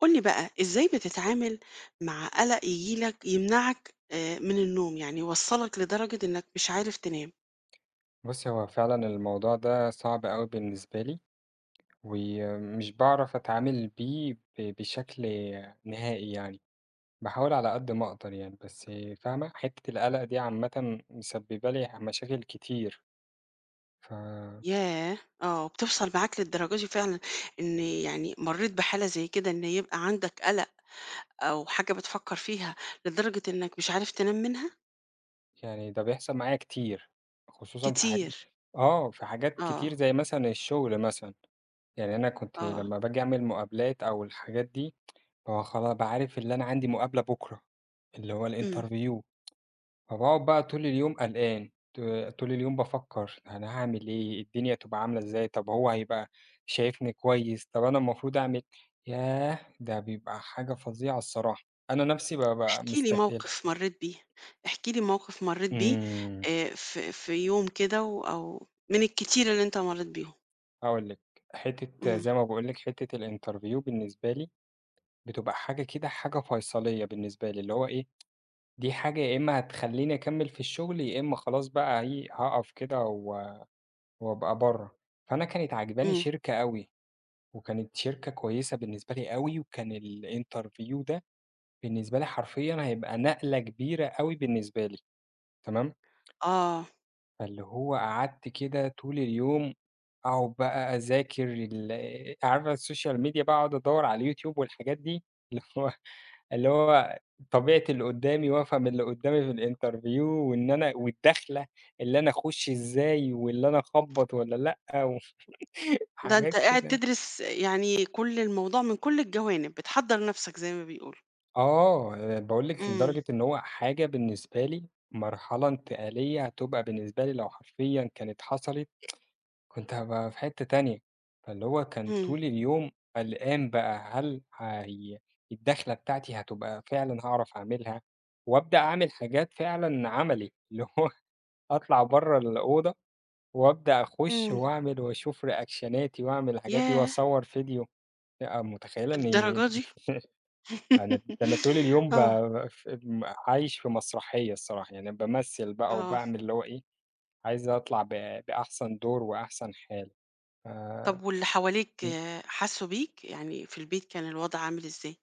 قُل لي بقى إزاي بتتعامل مع قلق ييجي لك يمنعك، آآ، من النوم، يعني يوصّلك لدرجة إنك مش عارف تنام؟ بُصّي هو فعلًا الموضوع ده صعب أوي بالنسبة لي، وي مش باعرف أتعامل بيه ب بشكل نهائي يعني، باحاول على قد ما أقدر يعني بس، فاهمة؟ حتّة القلق دي عامةً مسببة لي مشاكل كتير. ف ياه! آه، بتوصل معاك للدرجة دي فعلًا إن يعني مرّيت بحالة زي كده إن يبقى عندك قلق أو حاجة بتفكّر فيها لدرجة إنك مش عارف تنام منها؟ يعني ده بيحصل معايا كتير، خصوصًا في حاج كتير. آه، في حاجات كتير آه. زي مثلًا الشغل مثلًا، يعني أنا كنت آه. لمّا بآجي أعمل مقابلات أو الحاجات دي بابقى خلا ب عارف إن أنا عندي مقابلة بُكرة، اللي هو إمم. الinterview، فباقعد بقى طول اليوم قلقان، ط طول اليوم بافكّر، أنا هاعمِل إيه؟ الدنيا هتبقى عاملة إزاي؟ طَب هو هيبقى شايفني كويس؟ طَب أنا المفروض أعمل ياه ده بيبقى حاجة فظيعة الصراحة، أنا نَفْسي ب ب احكِ لي مستتقلها. موقِف مرّيت بيه، احكِ لي موقِف مرّيت بيه، إمم. آآ، ف في يوم كده و أو من الكتير اللي أنت مرّيت بيهم. هاقول لِك، حتة امم. زي ما باقول لِك حتة الinterview بالنسبة لي، بتبقى حاجة كده حاجة فيصلية بالنسبة لي، اللي هو إيه؟ دي حاجة يا إما هتخلّيني أكمل في الشغل، يا إما خلاص بقى هي هاقف كده و وأبقى برّة. فأنا كانت عاجباني امم. شركة أوي، وكانت شركة كويسة بالنسبة لي أوي، وكان الinterview ده بالنسبة لي حرفيًا هيبقى نقلة كبيرة أوي بالنسبة لي. تمام؟ آه. فاللي هو قعدت كده طول اليوم أقعد بقى أذاكر ال آآ عارفة الSocial Media بقى أقعد أدور على الYouTube والحاجات دي، اللي هو اللي هو طبيعة اللي قدامي وافهم اللي قدامي في الinterview وإن أنا والدخلة، اللي أنا أخش إزاي، واللي أنا أخبّط والّا لأ، و ده أنت حاجات قاعد كده تدرس، آآ يعني كل الموضوع من كل الجوانب، بتحضر نفسك زي ما بيقولوا. آه، آآ باقول لِك امم. لدرجة إن هو حاجة بالنسبة لي مرحلة انتقالية هتبقى بالنسبة لي لو حرفيًا كانت حصلت، كنت هابقى في حتة تانية. فاللي هو كان امم. طول اليوم قلقان بقى، هل هي الدخلة بتاعتي هتبقى فعلًا هاعرف أعملها؟ وأبدأ أعمل حاجات فعلًا عملي، اللي هو أطلع برّة الأوضة، وأبدأ أخش امم. وأعمل وأشوف reactionاتي وأعمل الحاجات دي ياه! وأصور فيديو. آآ، متخيلة إن للدرجة دي؟ أنا، ده أنا طول اليوم آه. بب عايش في مسرحية الصراحة، يعني بامثل بقى آه. وباعمل اللي هو إيه؟ عايز أطلع ب بأحسن دور وأحسن حال. آآ، طب واللي حواليك، امم. آآ حسوا بيك؟ يعني في البيت كان الوضع عامل إزاي؟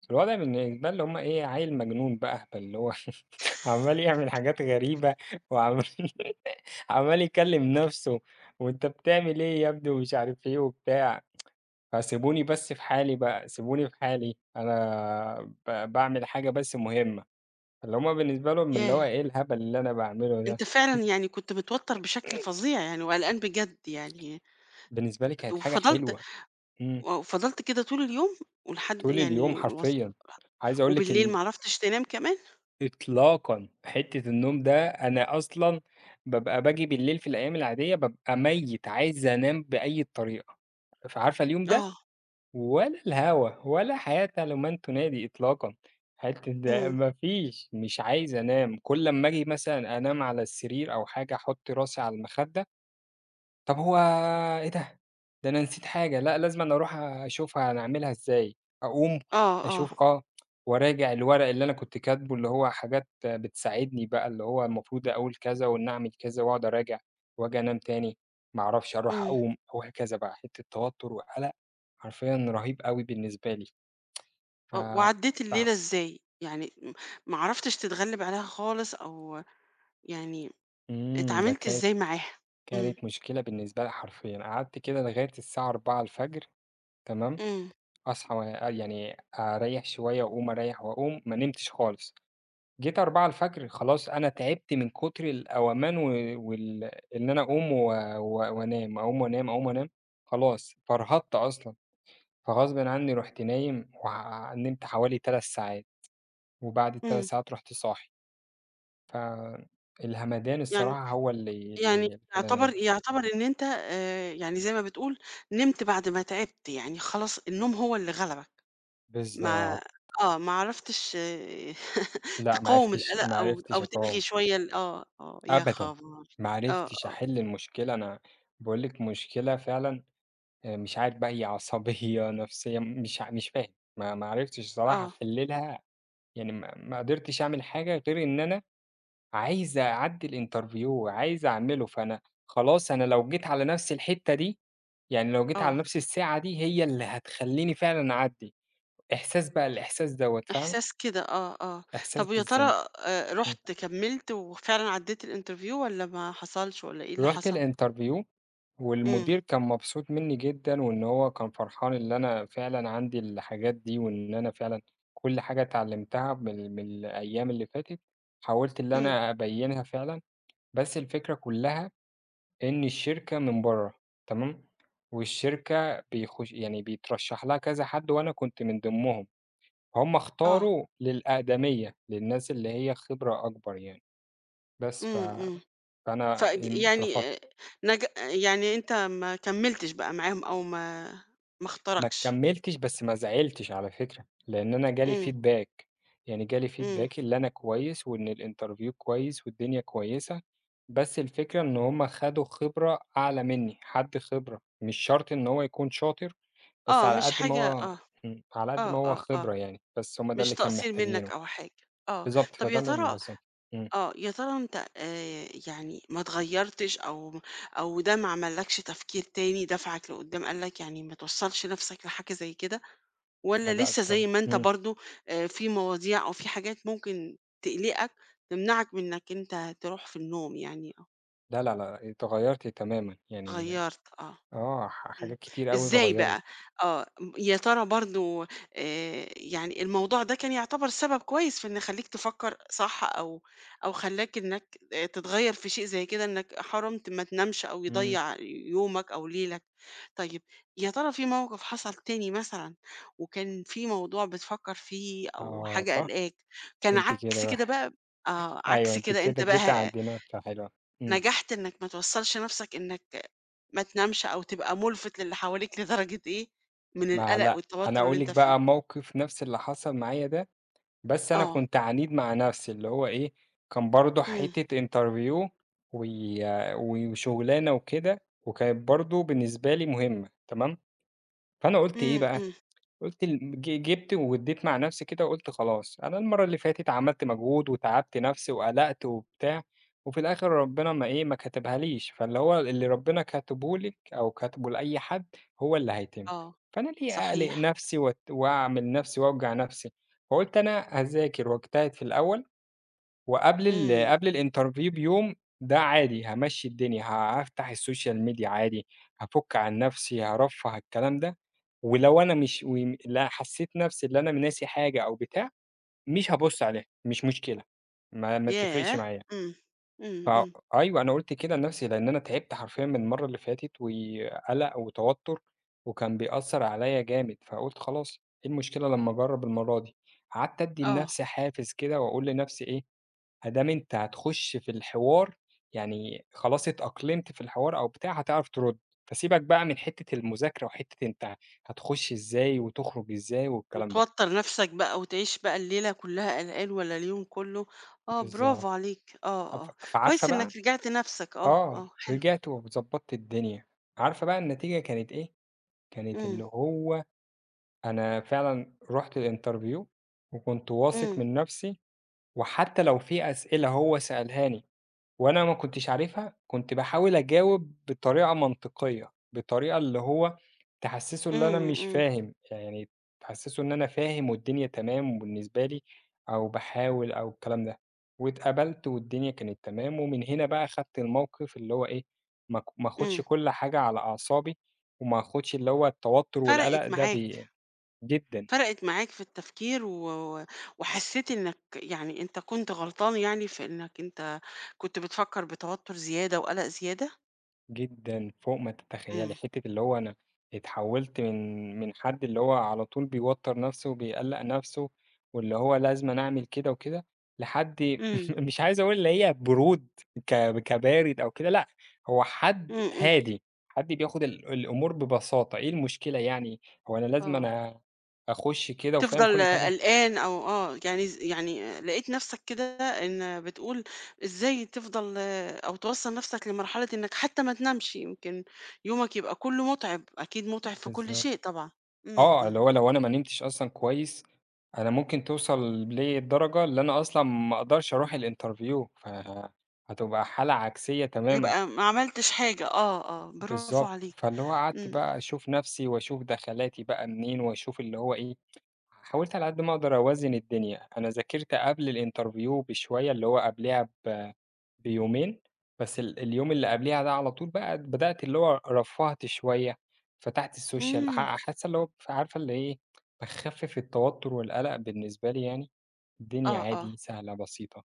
بس الوضع [unintelligible] اللي هُم إيه؟ عيّل مجنون بقى، اللي هو عمّال يعمل حاجات غريبة وعم عمّال يكلّم نفْسه، وأنت بتعمل إيه يا ابني ومش عارف إيه وبتاع، فسيبوني بس في حالي بقى، سيبوني في حالي، أنا ب باعمل حاجة بس مُهمة فاللي همُ بالنسبة لهم إن اللي هو ياه! إيه الهبل اللي أنا باعمله ده؟ أنت فعلًا يعني كنت متوتر بشكل فظيع يعني وقلقان بجد يعني بالنسبة لي كانت حاجة وفضلت حلوة إمم. وفضلت كده طول اليوم؟ ولحد، طول يعني، اليوم وص حرفيًا عايز أقول لِك وبالليل ال ما عرفتش تنام كمان؟ إطلاقًا، حتة النوم ده أنا أصلًا بابقى باجي بالليل في الأيام العادية بابقى ميّت، عايز أنام بأي طريقة فعارفة اليوم ده؟ آه. ولا الهوا، ولا حياة لمن تنادي إطلاقًا. حتة ده إمم. مفيش، مش عايز أنام كُل أمّا آجي مثلًا أنام على السرير أو حاجة أحط راسي على المخدة طَب هو إيه ده؟ ده أنا نسيت حاجة، لأ، لازمًا أروح أشوفها أعملها إزاي أقوم، آه آه. أشوف آه وأراجع الورق اللي أنا كنت كاتبه، اللي هو حاجات بتساعدني بقى اللي هو المفروض أقول كذا وإن أعمل كذا وأقعد أراجع، وآجي أنام تاني، ما أعرفش، أروح إمم. أقوم، وهكذا بقى، حتة توتر وقلق، حرفيًا رهيب أوي بالنسبة لي آه، وعدّيت فتع الليلة إزاي؟ يعني م ما عرفتش تتغلّب عليها خالص أو يعني إمم، ده اتعاملت كانت إزاي معاها؟ إمم. كانت مشكلة بالنسبة لي حرفيًا قعدت كده لغاية الساعة 04:00 تمام؟ إمم. أصحى وأ يعني أريّح شوية وأقوم، أريّح وأقوم، ما نمتش خالص جيت 04:00 خلاص أنا تعبت من كتر القومان و وال إن أنا أقوم و وأنام، أقوم وأنام، أقوم وأنام خلاص، فرهدت أصلًا، فغصبٍ عنّي رُحت نايم وع نمت حوالي 3 ساعات، وبعد ال3 إمم. ساعات رُحت صاحي. فالهمدان يعني الصراحة هو اللي يعني اللي خلّاني يُعتبر يُعتبر إن أنت، آآ، يعني زي ما بتقول نمت بعد ما تعبت، يعني خلاص النوم هو اللي غلبك ما بالضبط. آه، ما عرفتش لأ، ما تقاوم عرفتش القلق ما أو عرفتش أو تلّغي أقاوم. شوية ال آه آه يا أبدًا، خبر! ما آه عرفتش آه. أحل المشكلة، أنا باقول لِك مشكلة فعلًا، آآ، مش عارف بقى هي عصبية نفْسية، مش ع مش فاهم ما عرفتش الصراحة آه. أحلّلها، يعني ما ما قدرتش أعمل حاجة غير إن أنا عايز أعدّي الinterview وعايز أعمله، فأنا خلاص أنا لو جيت على نفْس الحتة دي، يعني لو جيت على آه. نفْس الساعة دي، هي اللي هتخلّيني فعلًا أعدّي إحساس بقى الإحساس دوّة، فاهمة؟ إحساس كده آه آه إحساس طَب ويا بالذنب ترى، آآ، إمم. رُحت كمّلت وفعلًا عدّيت الinterview والّا ما حصلش والّا إيه اللي رُحت حصل؟ الinterview، إمم. والمدير كان مبسوط مني جدًا، وإن هو كان فرحان إن أنا فعلًا عندي الحاجات دي، وإن أنا فعلًا كل حاجة اتعلُمتها من من الأيام اللي فاتت، حاولت إن إمم. أنا أبيّنها فعلًا، بس الفكرة كُلّها إن الشركة من برّا، تمام؟ والشركة بيخش يعني بيترشّح لها كذا حد وأنا كنت من ضمنهم همُ آه. اختاروا للأقدمية، للناس اللي هي خِبرة أكبر يعني بس ف إمم، امم. فأنا إمم، فيعني، اترفضت. آآ، نج يعني أنت ما كمّلتش بقى معاهم أو ما ما ما اختركش. كمّلتش بس ما زعلتش على فكرة لإن أنا جالي إمم. feedback، يعني جالي feedback إمم. اللي أنا كويس، وإن الinterview كويس، والدنيا كويسة، بس الفكرة إن هُم خدوا خِبرة أعلى مني، حد خِبرة مش شرط إن هو يكون شاطر، بس آه، على مش قد ما حاجة هو آه إمم، على قد ما آه هو آه، آه خِبرة يعني بس هُم ده مش اللي كان تقصير منك محتاجينه أو حاجة آه بالضبط، طَب فده يا اللي هُم ترى بالضبط إمم. آه يا ترى أنت، آآ، يعني ما اتغيّرتش أو أو ده ما عملّكش تفكير تاني دفعك لقدام، قال لك يعني ما توصلش نفْسك لحاجة زي كده؟ والّا أدائك لسه زي طبعًا ما أنت إمم. برضو، آآ، في مواضيع أو في حاجات ممكن تقلقك، تمنعك من إنك أنت تروح في النوم؟ يعني آه. لا، لا، لأ، اتغيّرت تمامًا. يعني اتغيّرت آه. آه، ح إمم. حاجات كتيرة أوي إزاي اتغيّرت. بقى؟ آه. م يا ترى برضه آآ يعني الموضوع ده كان يعتبر سبب كويس في إن يخلّيك تفكّر صح أو أو خلّاك إنّك آآ تتغيّر في شيء زي كده إنّك حرمت ما تنامش أو إمم. يضّيع ي يومك أو ليلك. طيب يا ترى فيه موقف حصل تاني مثلًا وكان في موضوع بتفكّر فيه أو حاجة آه، قلقاك، كان أنتِ كده عكس بقى كده بقى؟ آه، أيوه، عكس أنتِ كده، أنت كده بقى جيتِ ه عند نقطة حلوة. إمم. نجحت إنّك ما توصّلش نَفسك إنّك ما تنامش أو تبقى مُلفِت للي حواليك لدرجة إيه من ما القلق لأ، أنا والتوتُّر اللي هاقول لِك أنت فيه؟ بقى موقف نَفس اللي حصل معايا ده، بس أنا آه. كنت عنيد مع نَفسي، اللي هو إيه، كان برضه إمم. حتّة interview وي و وشغلانة وكده، وكانت برضه بالنسبة لي مهمة، تمام، فأنا قُلت إيه إمم، بقى، إمم. قُلت ال ج جِبت وادّيت مع نَفسي كده، وقُلت خلاص، أنا المرّة اللي فاتت عملت مجهود وتعبت نَفسي وقلقت وبتاع، وفي الآخر ربنا ما إيه، ما كتبهاليش. فاللي هو اللي ربنا كاتبه لِك أو كاتبه لأي حد هو اللي هيتم. آه، فأنا ليه أقلق صحيح. نَفسي وات وأعمل نَفسي وأوجع نفسي؟ فقُلت أنا أذاكر واجتهد في الأول، وقبل ال إمم. قبل الinterview بيوم، ده عادي هامشّي الدنيا، ه هافتح الsocial media عادي، هافُك عن نَفسي، هارفّه الكلام ده، ولو أنا مش وم لأ، حسيّت نَفسي اللي أنا ناسي حاجة أو بتاع، مش هابُصّ عليها، مش مشكلة، ما ما تفرقش ياه! معايا. إمم. ف إمم، إمم. أيوه، أنا قُلت كده لنَفسي، لأن أنا تعبت حرفيًا من المرّة اللي فاتت وي قلق وتوتُّر، وكان بيأثّر عليّا جامد، فقُلت خلاص، إيه المشكلة لمّا أجرّب المرّة دي؟ قعدت أدّي آه. لنَفسي حافز كده، وأقول لنَفسي إيه، ما دام أنت هتخُش في الحوار، يعني خلاص اتأقلمت في الحوار أو بتاع هتعرف ترُد، فسيبك بقى من حتّة المذاكرة وحتّة أنت هتخُش إزاي وتخرج إزاي والكلام ده. وتوتّر نَفسك بقى وتعيش بقى الليلة كلّها قلقان والّا اليوم كلّه. آه، برافو بالضبط. عليك. أف آه، آه. فعارفة كويس بقى إنّك رجعت نَفسك. آه، آه، آه، حلو. رجعت وضبّطت الدنيا. عارفة بقى النتيجة كانت إيه؟ كانت إمم. اللي هو أنا فعلًا رُحت الinterview وكنت واثق إمم. من نَفسي، وحتى لو في أسئلة هو سألهاني وأنا ما كنتش عارفها، كنت باحاول أجاوب بطريقة منطقية، بطريقة اللي هو تحسّسه اللي أنا إمم، مش إمم. فاهم، يعني تحسّسه إن أنا فاهم والدنيا تمام وبالنسبة لي، أو باحاول أو الكلام ده. واتقبلت والدنيا كانت تمام ومن هنا بقى خدت الموقف اللي هو إيه، ما ك ما آخُدش إمم. كل حاجة على أعصابي، وما آخُدش اللي هو التوتُّر والقلق فرقت ده معاك. بي جدًا. فرقت معاك في التفكير و وحسّيت إنّك يعني أنت كنت غلطان يعني في إنّك أنت كنت بتفكّر بتوتّر زيادة وقلق زيادة؟ جدًا، فوق ما تتخيّلي. إمم. حتّة اللي هو أنا اتحوّلت من من حد اللي هو على طول بيوتّر نَفسه وبيقلّق نَفسه، واللي هو لازمًا أعمل كده وكده، لحد إمم. مش عايز أقول اللي هي برود ك كبارد أو كده، لأ، هو إمم، حد إمم. هادي، حد بياخد ال الأمور ببساطة، إيه المشكلة يعني؟ هو أنا لازمًا آه. أنا آخُش كده وفاهم تفضل كل حاجة؟ قلقان أو آه، يعني ز يعني آآ لقيت نَفسك كده إن بتقول إزاي تفضل أو توصّل نَفسك لمرحلة إنّك حتى ما تنامش، يمكن يومك يبقى كلّه مُتعِب، أكيد مُتعِب في كل بالضبط. شيء طبعًا. إمم، آه، اللي إمم. هو لو أنا ما نمتش أصلًا كويس، أنا ممكن توصل لي الدرجة اللي أنا أصلًا ما أقدرش أروح الinterview، فهتبقى حالة عكسية تمامًا. يبقى ما عملتش حاجة، آه، آه، برافو بالضبط. عليك. فاللي هو إمم، قعدت إمم. بقى أشوف نَفسي وأشوف دخلاتي بقى منين، وأشوف اللي هو إيه، حاولت على قد ما أقدر أوازن الدنيا. أنا ذاكرت قبل الinterview بشوية، اللي هو قبليها ب بيومين، بس ال اليوم اللي قبليها ده على طول بقى بدأت اللي هو رفّهت شوية، فتحت الsocial. إمم. أح حاسة اللي هو فعارفة اللي إيه، باخفّف التوتُّر والقلق بالنسبة لي يعني، الدنيا آه، آه. عادي، سهلة، بسيطة.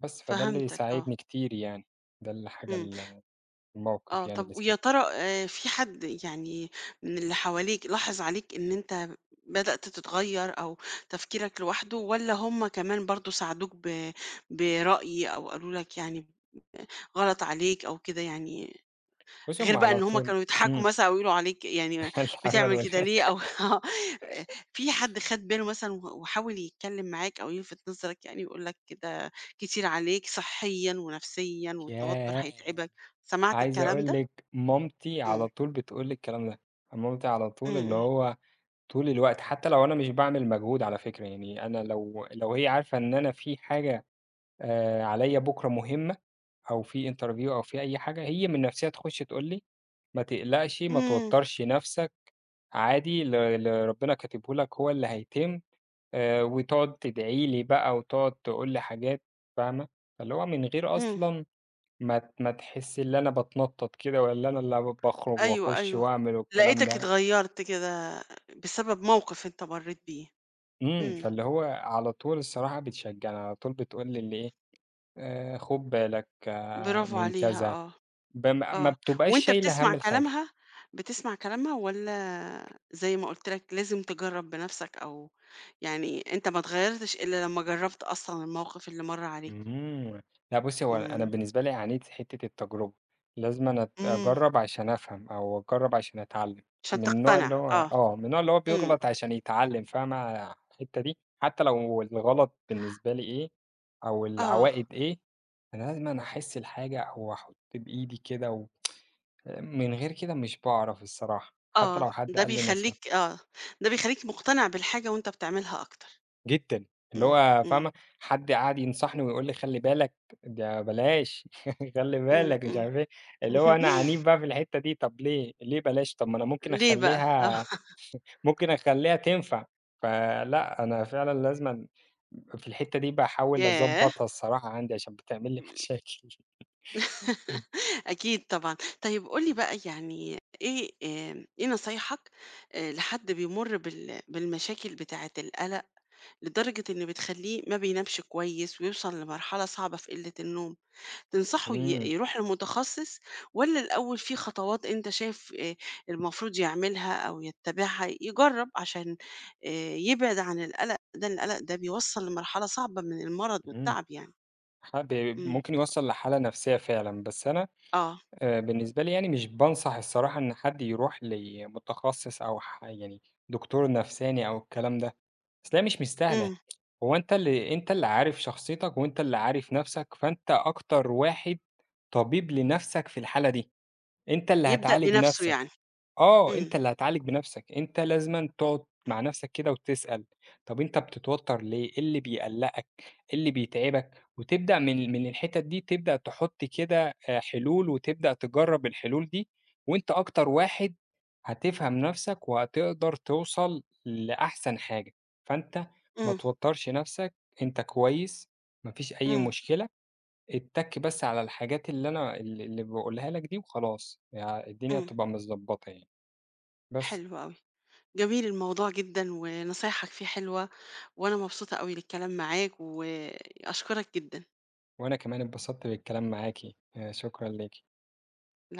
بس، فده اللي فهمتك، آه. ساعدني كتير يعني، ده الحاجة إمم. ال الموقف آه، يعني طَب اللي ويا ساعدني. ترى آآ فيه حد يعني من اللي حواليك لاحظ عليك إن أنت بدأت تتغيّر أو تفكيرك لواحده والّا هم كمان برضه ساعدوك ب برأي أو قالوا لك، يعني آآ غلط عليك أو كده، يعني بُصّي، غير هم بقى على إن هم طول كانوا بيضحكوا إمم. مثلًا أو يقولوا عليك، يعني م إيه العمل بتعمل و كده ليه؟ أو آه، آآ في حد خَد باله مثلًا و وحاول يتكلّم معاك أو يلفِت نظرك يعني يقول لك ده كتير عليك صحّيًا ونفسيًا والتوتُّر ياه! هيتعبك، سمعت عايز الكلام أقول ده؟ لِك مامتي إمم. على طول بتقول لي الكلام ده. مامتي على إمم، طول اللي إمم. هو طول الوقت، حتى لو أنا مش باعمل مجهود على فكرة، يعني أنا لو لو هي عارفة إن أنا في حاجة آآ عليّا بكرة مهمة، أو في interview أو في أي حاجة، هي من نَفسها تخُش تقول لي: "ما تقلقش، ما إمم. توتّرش نَفسك، عادي، اللي اللي ربنا كاتبه لك هو اللي هيتم." آآ وتقعد تدعي لي بقى، وتقعد تقول لي حاجات، فاهمة، فاللي هو من غير إمم. أصلًا ما ت ما تحس إن أنا بتنطّط كده، والّا إن أنا ال باخرج أيوه، وأخُش أيوه. وأعمل والكلام لقيتك ده. اتغيّرت كده بسبب موقف أنت مرّيت بيه. إمم، إمم. فاللي هو على طول الصراحة بتشجّعني، على طول بتقول لي اللي إيه، "آآ، خُد بالك برافو من، عليها، كذا." آه. بم ما آه. بتبقاش وأنت شايلة بتسمع هَم الحاجة. كلامها؟ بتسمع كلامها والّا زي ما قُلت لك، لازم تجرّب بنَفسك أو يعني أنت ما اتغيّرتش إلّا لمّا جرّبت أصلًا الموقف اللي مَر عليك؟ إمم. لأ بُصّي، هو أنا إمم. بالنسبة لي عانيت في حتّة التجربة لازمًا أنا أت إمم. أجرّب عشان أفهم أو أجرّب عشان أتعلّم. عشان من النوع تقتنع، اللي هو آه. آه، من النوع اللي هو إمم. بيغلط عشان يتعلّم، فاهمة ع الحتّة دي؟ حتى لو الغلط بالنسبة لي إيه أو آه. العواقب إيه، أنا لازمًا أحس الحاجة أو أحُط بإيدي كده و آآ من غير كده مش باعرف الصراحة، حتى آه، لو حد ده قال لي نصح بيخلّيك آه، ده بيخلّيك مُقتنع بالحاجة وأنت بتعملها أكتر. جدًا. اللي إمم، هو إمم. فاهمة، حد قعد ينصحني ويقول لي: "خلّي بالك، ده بلاش، خلّي إمم، بالك"، مش إمم. عارفة إيه. اللي هو أنا عنيد بقى في الحتّة دي. طَب ليه، ليه بلاش؟ طَب ما أنا ممكن ليه بقى؟ آه. أخلّيها ممكن أخلّيها تنفع. فلأ، أنا فعلًا لازمًا في الحتّة دي باحاول ياه! أضبّطها الصراحة عندي عشان بتعمل لي مشاكل. إمم. أكيد طبعًا. طيب قُل لي بقى يعني إيه آآ إيه نصايحك، آآ، لحد بيمُر بال بالمشاكل بتاعة القلق لدرجة إن بتخلّيه ما بينامش كويس ويوصل لمرحلة صعبة في قلِّة النوم؟ تنصحه ي إمم. يروح لمُتخصّص والّا الأول فيه خطوات أنت شايف آآ المفروض يعملها أو يتّابعها، يجرّب عشان آآ يبعد عن القلق ده، القلق ده بيوصل لمرحلة صعبة من المرض إمم. والتعب يعني؟ ح ب إمم. ممكن يوصّل لحالة نفسيّة فعلًا. بس أنا آه. آآ بالنسبة لي يعني مش بانصح الصراحة إن حد يروح لمُتخصّص أو ح يعني دكتور نفساني أو الكلام ده. أصل هي مش مستاهلة، إمم. هو أنت اللي أنت اللي عارف شخصيتك وأنت اللي عارف نَفسك، فأنت أكتر واحد طبيب لنَفسك في الحالة دي، أنت اللي يبدأ هتعالج بنَفسه نَفسك. يعني. آه، إمم. أنت اللي هتعالج بنَفسك، أنت لازمًا تقعد مع نَفسك كده وتسأل، طَب أنت بتتوتّر ليه، إيه اللي بيقلّقك، إيه اللي بيتعبك؟ وتبدأ من من الحتّت دي، تبدأ تحط كده آآ حلول وتبدأ تجرّب الحلول دي وأنت أكتر واحد هتفهم نَفسك وهتقدر توصل لأحسن حاجة. فأنت ما إمم. توتّرش نَفسك، أنت كويس، ما فيش أي إمم. مشكلة. اتّك بس على الحاجات اللي أنا ال اللي باقولها لك دي وخلاص. يعني الدنيا إمم. هتبقى متضبّطة يعني، بس. حلو أوي. جميل الموضوع جدًا ونصايحك فيه حلوة، وأنا مبسوطة أوي للكلام معاك، وأشكرك جدًا. وأنا كمان اتبسطت بالكلام معاكِ، آآ شكرًا ليكِ. [unintelligible]